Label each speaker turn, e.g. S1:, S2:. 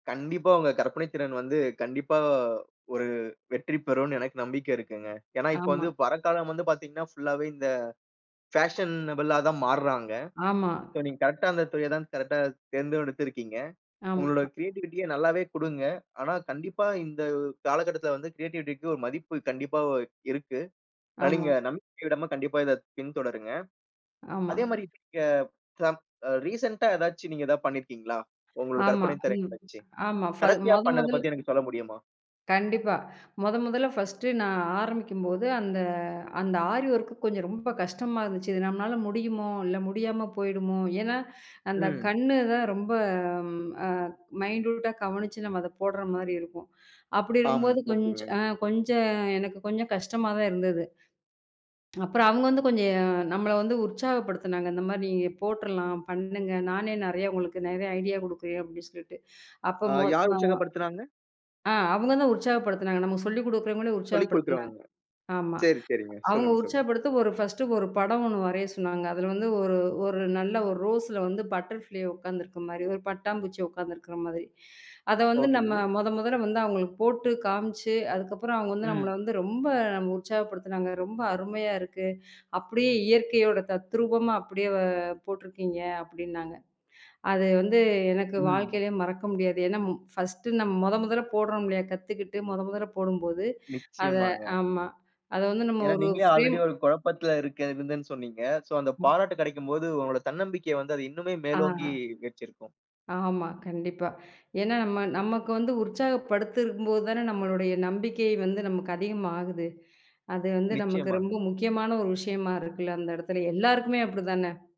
S1: கண்டிப்பா. அவங்க கற்பனைத்திறன் வந்து, கண்டிப்பா. ஒரு வெற்றி பெறுன்னு எனக்கு நம்பிக்க இருக்குங்க. ஏன்னா, இப்ப
S2: ஆமா.
S1: வந்து பரக்காலம் வந்து பாத்தீங்கன்னா ஃபுல்லாவே இந்த ஃபாஷனபுளா தான் மாறுறாங்க.
S2: ஆமா.
S1: சோ நீங் கரெக்ட்டா அந்தத் து இடம் கரெக்ட்டா தேர்ந்தூ எடுத்திருக்கீங்க. உங்களோட
S2: ஆம்மா.
S1: க்ரியேட்டிவிட்டிய நல்லாவே குடுங்க. ஆனா கண்டிப்பா இந்தக் காலகட்டத்தில வந்து க்ரியேட்டிவிட்டிக்கு ஒரு மதிப்பு கண்டிப்பா இருக்கு.
S2: ஆமா.
S1: [unintelligible] நம்பிக்கைய விடாம கண்டிப்பா இதப் பின்தொடருங்க.
S2: ஆமா.
S1: அதே மாரி [unintelligible] ரீசெண்டா எதாச்சு நீங்க ஏதா பண்ணிருக்கீங்களா? உங்களோட
S2: ஆமா,
S1: கற்பனைத்திறன்
S2: ம்
S1: வெச்சு?
S2: ஆமா. ஃபல்
S1: கடைசியா
S2: மொத
S1: பண்ணத
S2: மொதல்
S1: பத்தி எனக்குச் சொல்ல முடியுமா?
S2: கண்டிப்பா. மொத மொதல்ல ஃபர்ஸ்டு நான் ஆரம்பிக்கும்போது, அந்த அந்த ஆரி வொர்க் கொஞ்ச ரொம்ப கஷ்டமா இருந்துச்சு. இது நம்மனால முடியுமோ? இல்ல முடியாம போயிடுமோ? ஏன்னா அந்தக்
S1: ம்.
S2: கண்ணுதான் ரொம்ப, ஆ, மைன்டூட்டா கவனிச்சு நம்ம அதப் போடுற மாரி இருக்கும். அப்டி
S1: ஆம்,
S2: இருக்கும்போது கொஞ்
S1: ஓக்கேங்க.
S2: அ, கொஞ்ச எனக்குக் கொஞ்சம் கஷ்டமா தான் இருந்தது. அப்புறம் அவுங்க வந்து கொஞ்சம், ஆ நம்மள வந்து உற்சாகப்படுத்துனாங்க. இந்த மாரி நீங்கப் போட்டுரலாம், பண்ணுங்க. நானே நறையா உங்களுக்கு நெறைய ஐடியா குடுக்குறேன் அப்டி சொல்ட்டு. அப்போ
S1: ஆ,
S2: மொ
S1: யார்
S2: அ
S1: உச்சகப்படுத்துனாங்க?
S2: ஆ, அவுங்க தான் உற்சாகப்படுத்துனாங்க, நமக்கு சொல்லிக் குடுக்குற முன்னாடி உற்சாகப்படுத்துனாங்க.
S1: சொல்லிக்குடுக்கிறவங்க.
S2: ஆமா
S1: சேரி, சேரிங்க.
S2: அவுங்க
S1: சொல்லுங்க, சொல்லுங்.
S2: உற்சாகப்படுத்த ஒரு ஃபர்ஸ்டு ஒரு படம் ஒன்னு வரையச் சொன்னாங்க. அதுல வந்து ஒரு ஒரு நல்ல 1 ரோஸ்ல வந்து பட்டர்ஃப்ளை உக்காந்துருக்க மாரி, 1 பட்டாம் பூச்சி உக்காந்துருக்கிற மாதிரி. அத வந்து நம்ம
S1: ஓக்கேங்க.
S2: மொத மொதல்ல வந்து அவுங்களுக்கு போட்டுக் காம்ச்சு அதுக்கப்புறம் அவுங்க வந்து நம்மள
S1: ம்.
S2: வந்து ரொம்ப உற்சாகப்படுத்தனாங்க. ரொம்ப அருமையா இருக்கு. அப்டியே இயற்கையோட தத்ரூபமா அப்டியே வ போட்டுருக்கீங்க அப்டின்னாங்க. அது வந்து, எனக்கு
S1: ம்.
S2: வாழ்க்கையிலே மறக்க முடியாது. ஏன்னா மு ஃபர்ஸ்டு நம்ம மொத மொதல்ல போடுறோம் இல்லையா. கத்துக்கிட்டு மொத மொதல்ல போடும்போது அத
S1: நிச்சியமாங்க.
S2: ஆமா. அத வந்து நம்ம
S1: ஏன்னா,
S2: ஒரு
S1: நீங்களே
S2: ஃப்ரேம்
S1: ஆல்ரெடி ஒரு குழப்பத்துல இருக்கறதுன்னு சொன்னீங்க. சோ அந்தப்
S2: ம்.
S1: பாராட்டு கெடைக்கும்போது உங்களோட தன்னம்பிக்கைய வந்து அது இன்னுமே
S2: ஆ.
S1: மேலோங்கி வெச்சிருக்கும்.
S2: ஆமா. கண்டிப்பா. ஏன்னா நம்ம நமக்கு வந்து உற்சாகப்படுத்திருக்கும்போது தான, நம்மளுடைய நம்பிக்கை வந்து நமக்கு அதிகமா ஆகுது. அது வந்து நமக்கு ரொம்ப
S1: நிச்சியமாங்க.
S2: முக்கியமான ஒரு விஷயமா இருக்குல, அந்த இடத்துல எல்லாருக்குமே அப்டிதான?